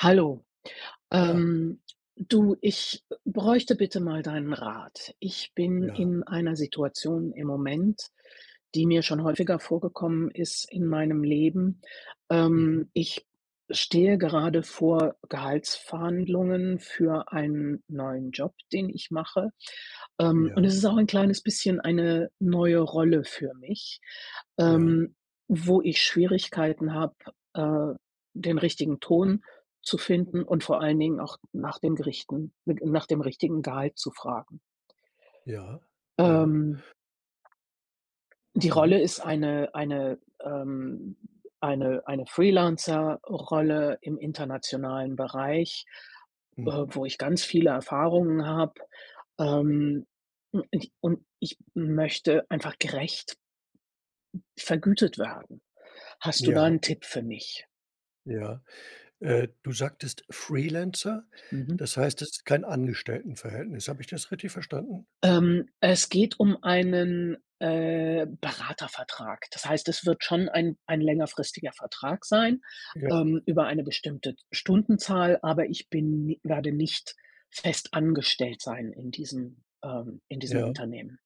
Hallo. Ja. Ähm du, ich, äh, bräuchte bitte mal deinen Rat. Ich bin Ja. in einer Situation im Moment, die mir schon häufiger vorgekommen ist in meinem Leben. Mhm. Ähm, ich stehe gerade vor Gehaltsverhandlungen für einen neuen Job, den ich mache. Ähm, und Ja. es ist auch 'n kleines bisschen eine neue Rolle für mich, Ja. ähm, wo ich Schwierigkeiten habe, äh, den richtigen Ton zu finden und vor allen Dingen auch nach dem Gerichten n g nach dem richtigen Gehalt zu fragen. Ja, ja. Ähm die Mhm. Rolle ist eine eine ähm, eine eine Freelancer-Rolle im internationalen Bereich, äh, Mhm. wo ich ganz viele Erfahrungen habe. Ähm, u ich und ich möchte einfach gerecht vergütet werden. Hast du da Ja. 'n Tipp für mich? Ja, äh, du sagtest Freelancer. Mhm. Das heißt, es ist kein Angestelltenverhältnis. Habe ich das richtig verstanden? Ähm, es geht um einen, äh, Beratervertrag. Das heißt, es wird schon ein ein längerfristiger Vertrag sein, Ja. ähm, über eine bestimmte Stundenzahl, aber ich bin ni werde nicht fest angestellt sein in diesem ähm, in diesem Ja. Unternehmen.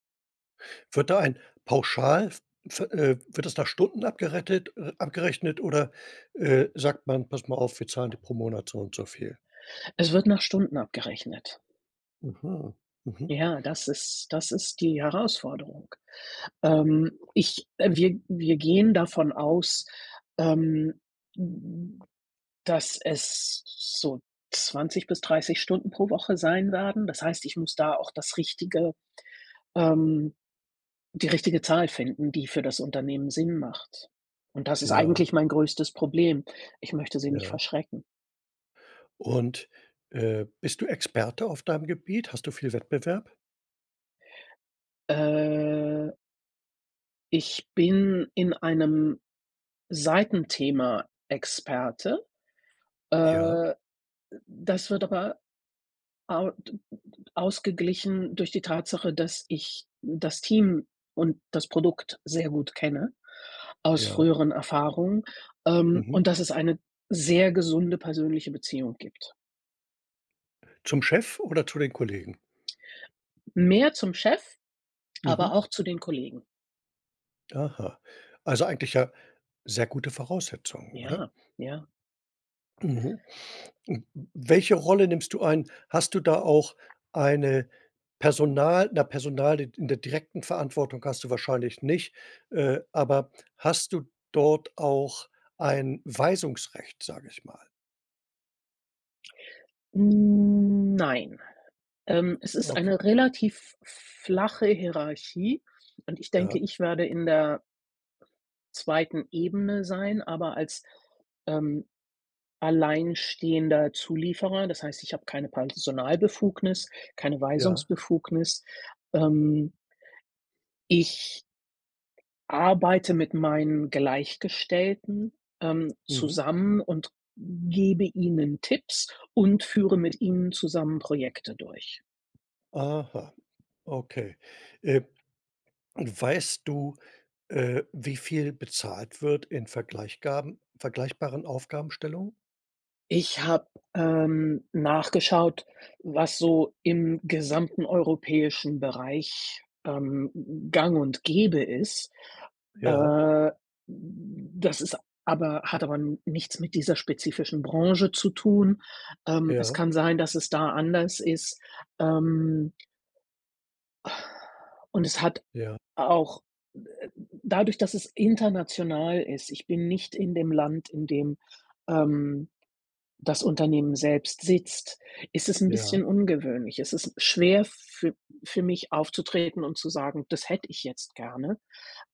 Wird da ein Pauschal v ve äh, wird das nach Stunden abgerettet äh, abgerechnet oder, äh, sagt man: „Pass mal auf, wir zahlen dir pro Monat so und so viel?" Es wird nach Stunden abgerechnet. Mhm, mhm. Ja, das ist das ist die Herausforderung. Ähm, ich äh, wir wir gehen davon aus, ähm, d d dass es so 20 bis 30 Stunden pro Woche sein werden. Das heißt, ich muss da auch das richtige, ähm die richtige Zahl finden, die für das Unternehmen Sinn macht. Und das ist Ja. eigentlich mein größtes Problem. Ich möchte sie nicht Ja. verschrecken. Und, äh, bist du Experte auf deinem Gebiet? Hast du viel Wettbewerb? Äh. Ich bin in einem Seitenthema Experte. Ja. Äh, das wird aber au d d d ausgeglichen durch die Tatsache, dass ich das Team und das Produkt sehr gut kenne, aus Ja. früheren Erfahrungen, ähm, Mhm. und dass es eine sehr gesunde persönliche Beziehung gibt. Zum Chef oder zu den Kollegen? Mehr zum Chef, Mhm. aber auch zu den Kollegen. Aha. Also eigentlich ja sehr gute Voraussetzungen, oder? Ja, ja. Mhm. N n welche Rolle nimmst du ein? Hast du da auch eine Personal na, Personal in in der direkten Verantwortung hast du wahrscheinlich nicht, äh, aber hast du dort auch ein Weisungsrecht, sage ich mal. Hm, nein. Ähm, es ist Okay. eine relativ flache Hierarchie und ich denke, Ja. ich werde in der 2. Ebene sein, aber als, ähm, alleinstehender Zulieferer, das heißt, ich habe keine Personalbefugnis, keine Ja. Weisungsbefugnis, ähm ich arbeite mit meinen Gleichgestellten, ähm, Mhm. zusammen und gebe Ihnen Tipps und führe mit Ihnen zusammen Projekte durch. Aha. Okay, äh, und weißt du, äh, wie viel bezahlt wird in vergleichgaben vergleichbaren Aufgabenstellungen? Ich habe, ähm, nachgeschaut, was so im gesamten europäischen Bereich, ähm, gang und gäbe ist. Ja. Äh, das ist aber hat aber nichts mit dieser spezifischen Branche zu tun. Ähm, es Ja. kann sein, dass es da anders ist, ähm Und es hat Ja. auch, äh, dadurch, dass es international ist ich bin nicht in dem Land, in dem, ähm, das Unternehmen selbst sitzt, ist es 'n Ja. bisschen ungewöhnlich. Es ist schwer für für mich aufzutreten und zu sagen: „Das hätte ich jetzt gerne.“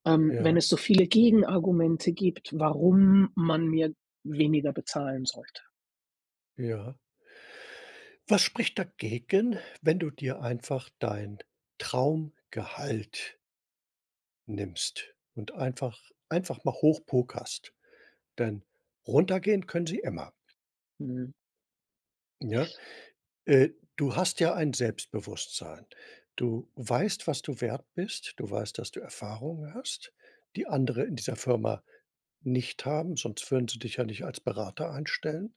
Ähm, wenn Ja. es so viele Gegenargumente gibt, warum man mir weniger bezahlen sollte. Ja. Was spricht dagegen, wenn du dir einfach dein Traumgehalt nimmst und einfach einfach mal hoch pokerst, denn runtergehen können sie immer. Mhm. Ja, äh, du hast ja ein Selbstbewusstsein. Du weißt, was du wert bist. Du weißt, dass du Erfahrungen hast, die andere in dieser Firma nicht haben. Sonst würden sie dich ja nicht als Berater einstellen.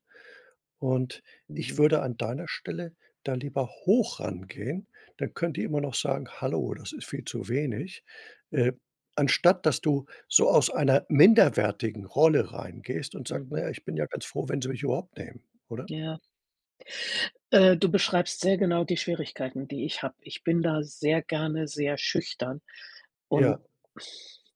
Und ich Mhm. würde an deiner Stelle da lieber hoch rangehen. Dann könnt ihr immer noch sagen: „Hallo, das ist viel zu wenig.“ Äh, anstatt dass du so aus einer minderwertigen Rolle reingehst und sagst: „Na Mhm. ja, ich bin ja ganz froh, wenn sie mich überhaupt nehmen.“ Oder? Ja. Äh, du beschreibst sehr genau die Schwierigkeiten, die ich habe. Ich bin da sehr gerne sehr schüchtern und Ja.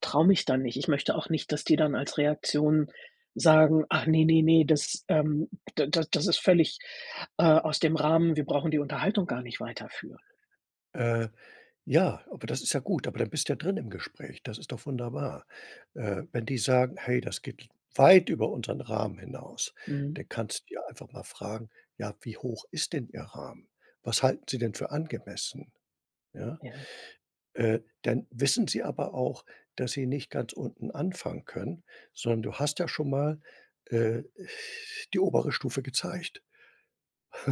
traue mich dann nicht. Ich möchte auch nicht, dass die dann als Reaktion sagen: „Ach ne, ne, ne, das ähm, da da das ist völlig, äh, aus dem Rahmen, wir brauchen die Unterhaltung gar nicht weiterführen.“ Äh, ja, aber das ist ja gut. Aber dann bist du ja drin im Gespräch. Das ist doch wunderbar, äh, wenn die sagen: „Hey, das geht weit über unseren Rahmen hinaus.“ Mhm. Dann kannst du einfach mal fragen: „Ja, wie hoch ist denn Ihr Rahmen? Was halten Sie denn für angemessen?“ Ja, Ja. äh, dann wissen sie aber auch, dass sie nicht ganz unten anfangen können, sondern du hast ja schon mal, äh, die obere Stufe gezeigt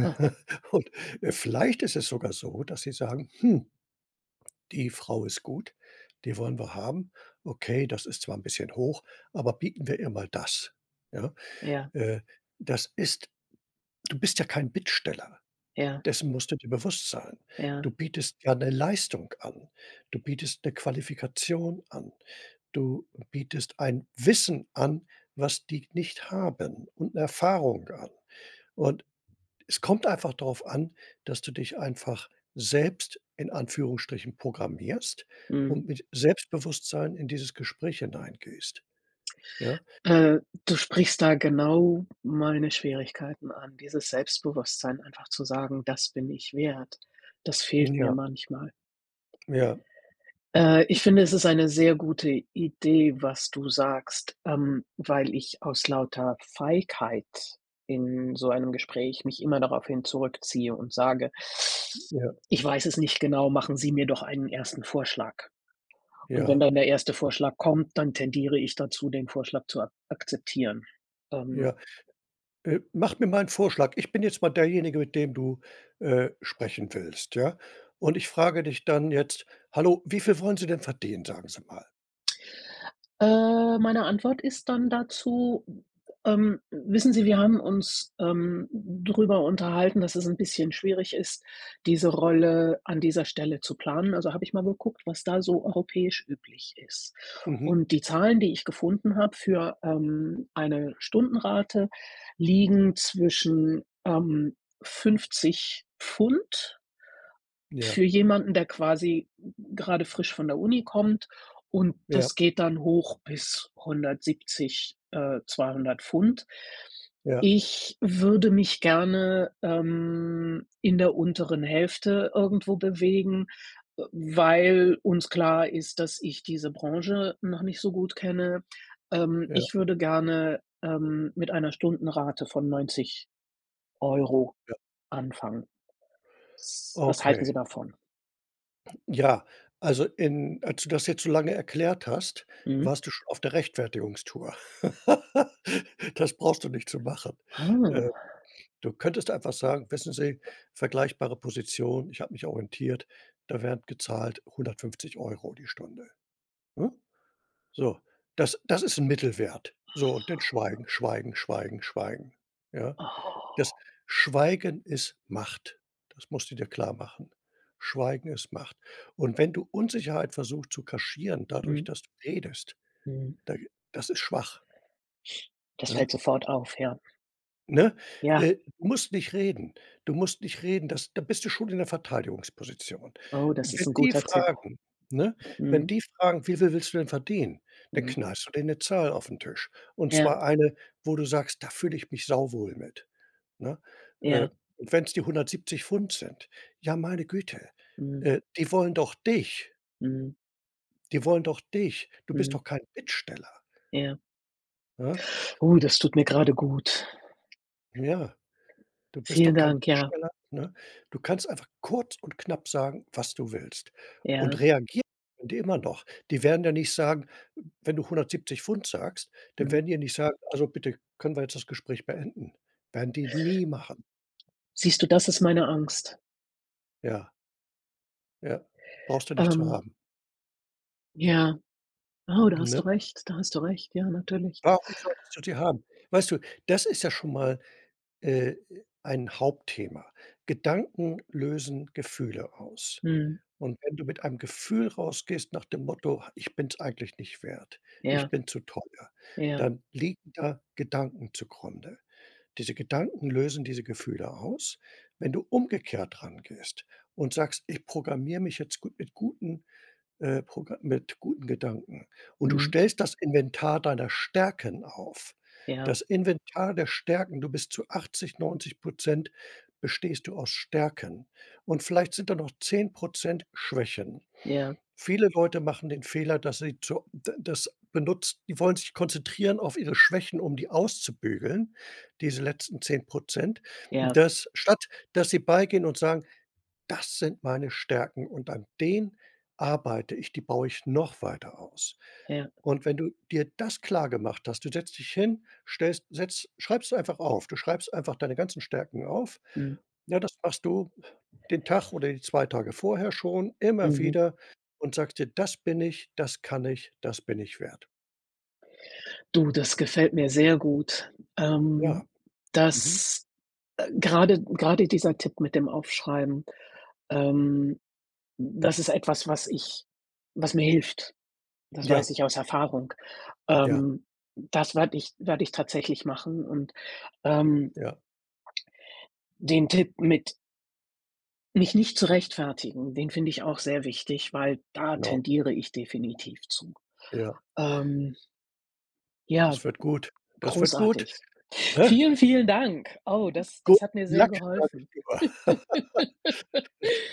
Ha. und äh, vielleicht ist es sogar so, dass sie sagen: „Hh die Frau ist gut. Die wollen wir haben. Okay, das ist zwar 'n bisschen hoch, aber bieten wir ihr mal das.“ Ja, Ja. äh, das ist du bist ja kein Bittsteller. Ja. Dessen musst du dir bewusst sein. Ja. Du bietest ja 'ne Leistung an. Du bietest 'ne Qualifikation an. Du bietest ein Wissen an, was die nicht haben und 'ne Erfahrung an, und es kommt einfach darauf an, dass du dich einfach selbst in Anführungsstrichen programmierst Mhm. und mit Selbstbewusstsein in dieses Gespräch hineingehst. Ja? Äh, du sprichst da genau meine Schwierigkeiten an. Dieses Selbstbewusstsein einfach zu sagen: „Das bin ich wert.“ Das Na fehlt mir ja. manchmal. Ja. Äh, ich finde, es ist eine sehr gute Idee, was du sagst, ähm, weil ich aus lauter Feigheit in so einem Gespräch mich immer daraufhin zurückziehe und sage Ja. „Ich weiß es nicht genau. Machen Sie mir doch einen 1. Vorschlag.“ Und wenn Ja. dann der 1. Vorschlag kommt, dann tendiere ich dazu, den Vorschlag zu ak akzeptieren, ähm. Ja, äh, mach mir mal 'n Vorschlag. Ich bin jetzt mal derjenige, mit dem du, äh, sprechen willst, ja? Und ich frage dich dann jetzt: „Hallo. Wie viel wollen Sie denn verdienen? Sagen Sie mal.“ Äh, meine Antwort ist dann dazu, ähm: „Wissen Sie, wir haben uns, ähm, darüber unterhalten, dass es 'n bisschen schwierig ist, diese Rolle an dieser Stelle zu planen. Also, habe ich mal geguckt, was da so europäisch üblich ist. Mhm. Und die Zahlen, die ich gefunden habe für, ähm, eine Stundenrate liegen zwischen, ähm, 50 £ Ja. für jemanden, der quasi g gerade frisch von der Uni kommt und Ja. das geht dann hoch bis 170, äh, 200 £. Ja. Ich würde mich gerne, ähm, in der unteren Hälfte irgendwo bewegen, äh, weil uns klar ist, dass ich diese Branche noch nicht so gut kenne. Ähm, Ja. ich würde gerne, ähm, mit einer Stundenrate von 90 € Ja. anfangen. S was halten Sie Okay. davon?“ Ja. Also, in als du das jetzt so lange erklärt hast, Mhm. warst du schon auf der Rechtfertigungstour. Das brauchst du nicht zu machen. Äh, Ah. du könntest einfach sagen: „Wissen Sie, vergleichbare Position, ich habe mich orientiert, da werden gezahlt 150 € die Stunde“, ne? So, das das ist 'n Mittelwert, so und dann Schweigen, Schweigen, Schweigen, Schweigen. Ja, das Oh. Schweigen ist Macht. Das musst du dir klar machen. Schweigen ist Macht. Und wenn du Unsicherheit versuchst zu kaschieren, dadurch, Mhm. dass du redest, Mhm. da das ist schwach Das ja? fällt sofort auf, ja. Ne? Ja. Äh, du musst nicht reden. Du musst nicht reden. Das da bist du schon in der Verteidigungsposition. Äh, Oh, das wenn ist ein die guter Tipp. fragen, ne? Wenn Mhm. die fragen: „Wie viel willst du denn verdienen?" Dann Mhm. knallst du denen 'ne Zahl auf den Tisch. Und Ja. zwar eine, wo du sagst: „Da fühle ich mich sauwohl mit", ne? Äh, Ja. und wenn es die 170 £ sind. Ja, meine Güte, Mhm. äh, die wollen doch dich! Mhm. Die wollen doch dich. Du bist Mhm. doch kein Bittsteller. Ja. Ja? Oh, [unintelligible] das tut mir gerade gut. Ja. Du bist Vielen doch kein Dank, ja. Bittsteller, ne? Du kannst einfach kurz und knapp sagen, was du willst. Und Ja. reagieren können die immer noch. Die werden ja nicht sagen, w wenn du 170 £ sagst, dann Mhm. werden die ja nicht sagen: „Also bitte, können wir jetzt das Gespräch beenden?" Werden die nie machen. Siehst du, das ist meine Angst. Ja. Ja, brauchst du nicht zu Ähm. haben. Ja. Oh, da hast du Ne. recht. Da hast du recht. Ja, natürlich. Warum solltest du die haben? Weißt du, das ist ja schon mal, äh äh, ein Hauptthema. Gedanken lösen Gefühle aus. Mhm. Und wenn du mit einem Gefühl rausgehst nach dem Motto: „Ah, ich bin es eigentlich nicht wert. Ja. Ich bin zu teuer." Ja. Dann liegen da Gedanken zugrunde. Diese Gedanken lösen diese Gefühle aus. Wenn du umgekehrt rangehst und sagst: „Ich programmiere mich jetzt gut mit guten, äh, progra mit guten Gedanken." Und du Mhm. stellst das Inventar deiner Stärken auf. Ja. Das Inventar der Stärken. Du bist zu 80, 90 % bestehst du aus Stärken. Und vielleicht sind da noch 10 % Schwächen. Ja. Viele Leute machen den Fehler, dass sie zu äh, d das benutzt, die wollen sich konzentrieren auf ihre Schwächen, um die auszubügeln. Diese letzten 10 %, Ja. dass statt dass sie beigehen und sagen: „Das sind meine Stärken. Und an denen arbeite ich. Die baue ich noch weiter aus." Ja. Und wenn du dir das klargemacht hast, du setzt dich hin, stellst setzt schreibst du einfach auf. Du schreibst einfach deine ganzen Stärken auf. Mhm. Ja, das machst du den Tag oder die 2 Tage vorher schon immer Mhm. wieder und sagst dir: „Das bin ich. Das kann ich. Das bin ich wert." Du, das gefällt mir sehr gut. Ja. Ähm, Mhm. das äh, gerade gerade dieser Tipp mit dem Aufschreiben, ähm, das ist etwas, was ich was mir hilft. Das weiß Ja. ich aus Erfahrung. Ja. Ähm, das werde ich werde ich tatsächlich machen und, ähm Ja. den Tipp mit mich nicht zu rechtfertigen. Den finde ich auch sehr wichtig, weil da Genau. tendiere ich definitiv zu. Ja. Ähm ja, Das wird gut. Das wird gut, großartig. ne? Vielen, vielen Dank! Oh, das Good das hat mir sehr Luck, sage ich geholfen. lieber.